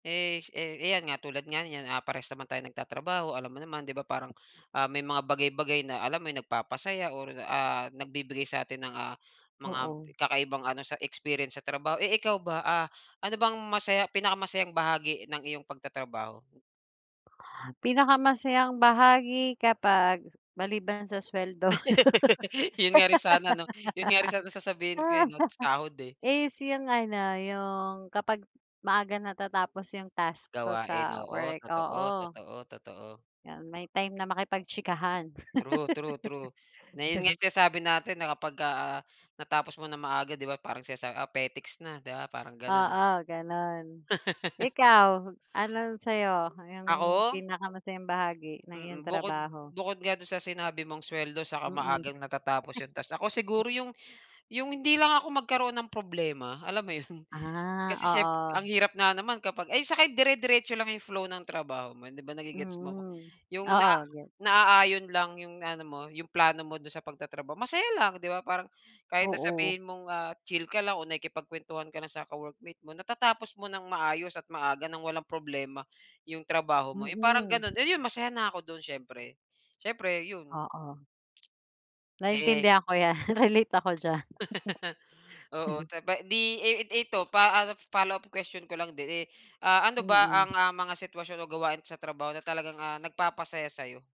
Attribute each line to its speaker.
Speaker 1: Eh, s eh, 'yan nga tulad nga niyan, ah, parehas naman tayong nagtatrabaho, alam mo naman, 'di ba, parang, ah, may mga bagay-bagay na alam mo yung nagpapasaya or, ah, nagbibigay sa'tin ng, ah, mga
Speaker 2: Oo.
Speaker 1: kakaibang ano, sa experience sa trabaho. Eh, ikaw ba? Ah, ano bang masaya pinakamasayang bahagi ng iyong pagtatrabaho?
Speaker 2: Pinakamasayang bahagi kapag maliban sa sweldo
Speaker 1: 'Yon nga rin sana 'no? 'Yon nga rin sana sasabihin ko, eh, about sa sahod, eh.
Speaker 2: is yung ano, yung kapag maaga natatapos yung task ko
Speaker 1: Gawain,
Speaker 2: sa
Speaker 1: oo.
Speaker 2: work,
Speaker 1: Totoo,
Speaker 2: oo.
Speaker 1: totoo, totoo.
Speaker 2: 'Yon may time na makipagtsikahan.
Speaker 1: True, true, true. Na 'yon nga sinasabi natin na kapag, ah, natapos mo ng maaga 'di ba parang sinasabi, ah, petiks na, 'di ba, parang gano'n.
Speaker 2: Oo, gano'n. Ikaw anong sa'yo? Yung
Speaker 1: Ako?
Speaker 2: pinakamasayang bahagi ng iyong
Speaker 1: Mm. Bukod
Speaker 2: trabaho?
Speaker 1: bukod nga 'don sa sinabi mong suweldo saka
Speaker 2: Mm.
Speaker 1: maagang natatapos yung task, ako siguro yung yung hindi lang ako magkaroon ng problema, alam mo yun?
Speaker 2: Ah,
Speaker 1: Kasi siyempre ang
Speaker 2: oo.
Speaker 1: hirap nga naman kapag ay tsaka dire-diretso lang 'yong flow ng trabaho mo, 'di ba? Nagge-gets mo?
Speaker 2: Mm.
Speaker 1: 'Yong naa
Speaker 2: Oo, gets.
Speaker 1: naaayon lang 'yong ano mo, 'yong plano mo do'n sa pagtatrabaho, masaya lang. 'Di ba parang kahit
Speaker 2: Oo.
Speaker 1: sasabihin mong chill ka lang o nakikipagkuwentuhan ka lang sa ka-workmate mo, natatapos mo ng maayos at maaga nang walang problema 'yong trabaho mo, eh, parang
Speaker 2: Mm.
Speaker 1: gano'n. 'Yon masaya na ako do'n siyempre. Siyempre 'yon.
Speaker 2: Oo.
Speaker 1: Eh
Speaker 2: Naintindihan ko 'yan, relate ako diyan.
Speaker 1: Oo. Saba 'di i ito pa ah, follow-up question ko lang din, eh, ah, ano ba ang
Speaker 2: Mm.
Speaker 1: mga sitwasyon o gawain sa trabaho na talagang, ah, nagpapasaya sa'yo?